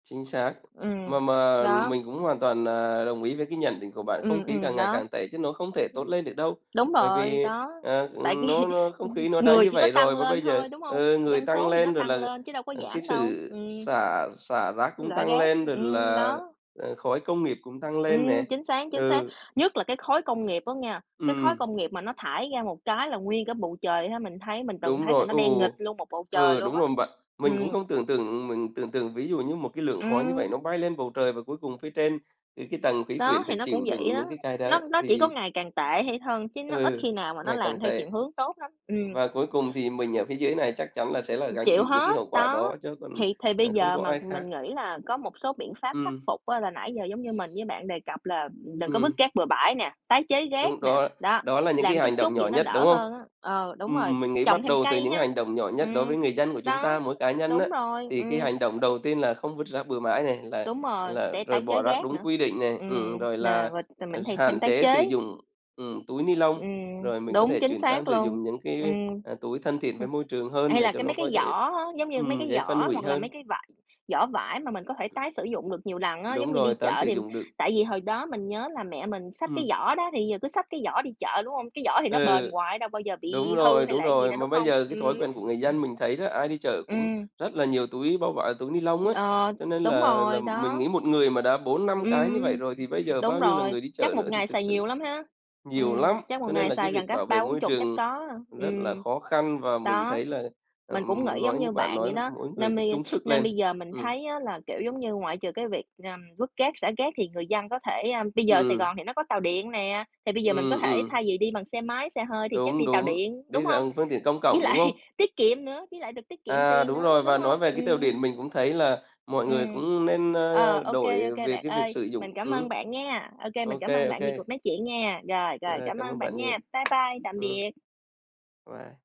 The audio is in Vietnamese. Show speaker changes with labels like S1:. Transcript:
S1: Chính xác. Mà
S2: Ừm,
S1: mà
S2: đó.
S1: mình cũng hoàn toàn, à, đồng ý với cái nhận định của bạn, không
S2: Ừm,
S1: khí
S2: ừm,
S1: càng ngày
S2: đó. Ừm.
S1: càng tệ chứ nó không thể tốt lên được đâu.
S2: Đúng
S1: Bởi
S2: rồi,
S1: vì,
S2: đó,
S1: ờ,
S2: tại vì,
S1: ừm, nó nó không
S2: ừm,
S1: khí nó đã
S2: người
S1: như
S2: chỉ có
S1: vậy
S2: tăng
S1: rồi và bây
S2: lên
S1: giờ,
S2: thôi, đúng hông?
S1: ừ, người
S2: Dân
S1: tăng
S2: số thì nó
S1: lên rồi
S2: tăng
S1: là,
S2: lên chứ đâu có
S1: ờ, cái
S2: giảm đâu,
S1: sự
S2: ừm.
S1: xả xả rác cũng
S2: Rải
S1: tăng
S2: rác,
S1: lên, rồi
S2: ừm,
S1: là,
S2: đó.
S1: ờ, khói công nghiệp cũng tăng lên nè.
S2: Ừm, chính xác, chính xác.
S1: Ừ.
S2: Nhất là cái khói công nghiệp á nghe. Cái khói
S1: Ừm.
S2: công nghiệp mà nó thải ra một cái là nguyên cả bầu trời ha, mình thấy mình từng
S1: Đúng
S2: thấy là
S1: rồi.
S2: nó đen nghịt
S1: Ồ!
S2: luôn một bầu trời
S1: Ừ,
S2: luôn
S1: đúng
S2: á.
S1: rồi bạn. Mình cũng
S2: Ừm.
S1: không tưởng tượng mình tưởng tượng, ví dụ như một cái lượng khói như vậy
S2: Ừm.
S1: nó bay lên bầu trời, và cuối cùng phía trên, ừ, cái tầng khí
S2: Đó,
S1: quyển
S2: thì
S1: phải
S2: nó cũng
S1: chịu
S2: vậy
S1: đựng
S2: đó.
S1: những cái cái đó,
S2: Nó nó chỉ có
S1: thì
S2: ngày càng tệ hay hơn, chứ nó ít
S1: ừ,
S2: khi nào mà nó
S1: ngày càng
S2: làm theo
S1: tệ!
S2: chuyển hướng tốt lắm. Ừm.
S1: Và cuối cùng thì mình ở phía dưới này chắc chắn là sẽ là
S2: Ừm,
S1: gánh
S2: chịu
S1: chịu những cái
S2: hết,
S1: hậu quả
S2: đó.
S1: đó, chứ còn,
S2: Thì thì bây
S1: à, không
S2: giờ
S1: có
S2: mà
S1: ai khác.
S2: mình nghĩ là có một số biện pháp khắc
S1: Ừm.
S2: phục á, là nãy giờ giống như mình với bạn đề cập là, ừm, đừng có vứt
S1: Ừm.
S2: rác bừa bãi nè, tái chế rác
S1: Đúng,
S2: nè,
S1: đó
S2: đó,
S1: đó là những cái
S2: làm chút
S1: hành động
S2: chút
S1: nhỏ
S2: vậy nó
S1: nhất,
S2: đỡ
S1: đúng không?
S2: hơn á. Ờ, đúng rồi,
S1: Ừm, mình nghĩ
S2: trồng
S1: bắt
S2: thêm
S1: đầu từ cái
S2: cây
S1: những
S2: ha.
S1: hành động nhỏ nhất đối
S2: Ừm,
S1: với người dân của chúng
S2: đó,
S1: ta, mỗi cá nhân á,
S2: đúng rồi,
S1: thì cái
S2: ừm.
S1: hành động đầu tiên là không vứt rác bừa mãi này, là
S2: Đúng rồi,
S1: là
S2: để
S1: rồi
S2: tái
S1: bỏ
S2: chế
S1: rác
S2: rác
S1: đúng
S2: nữa.
S1: quy định này, ừm, ừm,
S2: Ừm,
S1: rồi
S2: nà,
S1: là,
S2: rồi t
S1: à,
S2: mình hay thêm
S1: hạn
S2: tái
S1: chế sử
S2: chế.
S1: dụng, ừm, túi ni lông.
S2: Ừm,
S1: Rồi mình có
S2: đúng,
S1: thể
S2: chính
S1: chuyển sang
S2: xác
S1: sử
S2: luôn.
S1: dụng những cái,
S2: Ừm.
S1: a, à, túi thân thiện với
S2: Hừm.
S1: môi trường hơn
S2: Hay
S1: để
S2: là
S1: cho
S2: cái
S1: nó,
S2: mấy
S1: có,
S2: cái giỏ
S1: dễ
S2: á, giống như mấy
S1: ừm,
S2: cái
S1: dễ phân
S2: giỏ
S1: hủy
S2: hoặc là mấy
S1: hơn.
S2: cái vải giỏ vải mà mình có thể tái sử dụng được nhiều lần á. Giống
S1: Đúng
S2: như đi
S1: rồi, tán
S2: chợ
S1: sử
S2: thì
S1: dụng được.
S2: tại vì hồi đó mình nhớ là mẹ mình xách cái
S1: Ừm.
S2: giỏ đó thì, ừ, bây giờ cứ xách cái giỏ đi chợ, đúng hông? Cái giỏ thì nó bền
S1: Ừ.
S2: hoài nó đâu bao giờ
S1: Đúng
S2: bị hư
S1: rồi,
S2: hay
S1: đúng
S2: là cái gì
S1: rồi,
S2: đâu,
S1: mà
S2: đúng
S1: bây
S2: hông?
S1: giờ cái thói
S2: Ừm.
S1: quen của người dân mình thấy đó, ai đi chợ cũng
S2: Ừm.
S1: rất là nhiều túi bao vải túi ni lông ấy.
S2: Ờ,
S1: Cho nên
S2: đúng
S1: là là
S2: rồi,
S1: mình
S2: đó.
S1: nghĩ một người mà đã 4-5 cái như
S2: Ừm,
S1: vậy rồi thì bây giờ
S2: đúng
S1: bao nhiêu là
S2: rồi,
S1: người đi
S2: chắc
S1: chợ
S2: một
S1: nữa thì
S2: ngày
S1: thực
S2: xài nhiều
S1: sự
S2: lắm ha.
S1: nhiều
S2: Ừm,
S1: lắm.
S2: chắc một
S1: Cho nên
S2: ngày
S1: là cái
S2: xài gần
S1: việc
S2: cả
S1: bảo vệ
S2: ba bốn
S1: môi
S2: chục chắc
S1: trường
S2: có ha,
S1: rất là
S2: ừm.
S1: khó khăn và mình
S2: Đó.
S1: thấy là,
S2: Mình cũng
S1: ờm,
S2: nghĩ giống
S1: nói như
S2: như
S1: bạn
S2: bạn
S1: nói
S2: vậy
S1: là
S2: đó,
S1: mỗi người
S2: nên
S1: phải
S2: bây
S1: chung sức
S2: nên
S1: lên.
S2: bây giờ mình
S1: Ừm.
S2: thấy á là, kiểu, giống như ngoại trừ cái việc, ờm, vứt rác, xả rác, thì người dân có thể, a bây giờ Sài
S1: Ừm.
S2: Gòn thì nó có tàu điện nè, thì bây giờ mình có
S1: Ừm,
S2: thể
S1: ừm.
S2: thay vì đi bằng xe máy, xe hơi, thì chắc
S1: Đúng,
S2: đi tàu
S1: đúng,
S2: điện,
S1: đi
S2: đúng hông?
S1: rằng phương tiện công
S2: Với
S1: cộng, đúng
S2: lại
S1: không?
S2: tiết kiệm nữa, với lại được tiết kiệm
S1: À,
S2: tiền
S1: đúng
S2: nữa,
S1: rồi.
S2: đúng
S1: Và nói
S2: hông?
S1: về cái tàu
S2: Ừm.
S1: điện mình cũng thấy là mọi người
S2: Ừm.
S1: cũng nên, a,
S2: Ờ, OK,
S1: đổi
S2: OK,
S1: về
S2: bạn
S1: cái việc
S2: ơi,
S1: sử dụng
S2: mình cảm ơn
S1: ừm,
S2: bạn nghe. OK, mình
S1: OK,
S2: cảm ơn bạn
S1: OK.
S2: vì cuộc nói chuyện nghe. Rồi, rồi,
S1: À,
S2: cảm
S1: cảm ơn
S2: ơn bạn
S1: bạn nhiều.
S2: nha. Bye bye, tạm
S1: Ừm.
S2: biệt.
S1: Bye.